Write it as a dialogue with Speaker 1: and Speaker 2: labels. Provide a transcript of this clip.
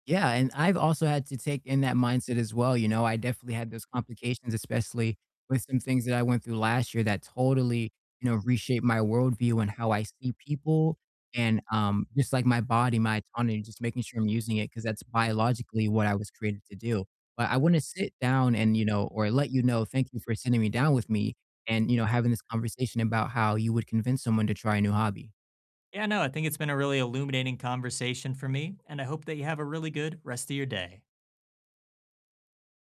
Speaker 1: Yeah, and I've also had to take in that mindset as well, you know, I definitely had those complications, especially with some things that I went through last year that totally, you know, reshaped my worldview and how I see people and, um, just like my body, my autonomy, just making sure I'm using it 'cause that's biologically what I was created to do. But I wanna sit down and, you know or let you know, thank you for sitting me down with me and, you know, having this conversation about how you would convince someone to try a new hobby.
Speaker 2: Yeah, no, I think it's been a really illuminating conversation for me, and I hope that you have a really good rest of your day.